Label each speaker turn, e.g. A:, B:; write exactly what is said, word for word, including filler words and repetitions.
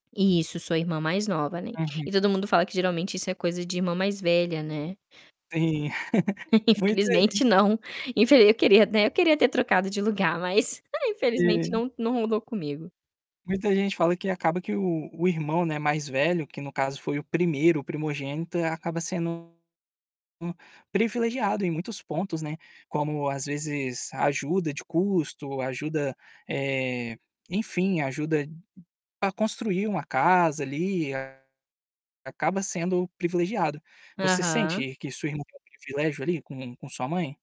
A: Isso, sou irmã mais nova, né.
B: Uhum.
A: E todo mundo fala que geralmente isso é coisa de irmã mais velha, né.
B: Sim, muita
A: Infelizmente
B: gente
A: não, infe eu queria, né, eu queria ter trocado de lugar, mas infelizmente
B: Sim.
A: não não rolou comigo.
B: Muita gente fala que acaba que o o irmão, não é, mais velho que no caso foi o primeiro, o primogênito, acaba sendo hum, privilegiado em muitos pontos, né, como às vezes ajuda de custo, ajuda, eh, enfim, ajuda para construir uma casa, ali, acaba sendo privilegiado. Você
A: Aham.
B: sente que sua irmã tem privilégio, ali, com com sua mãe?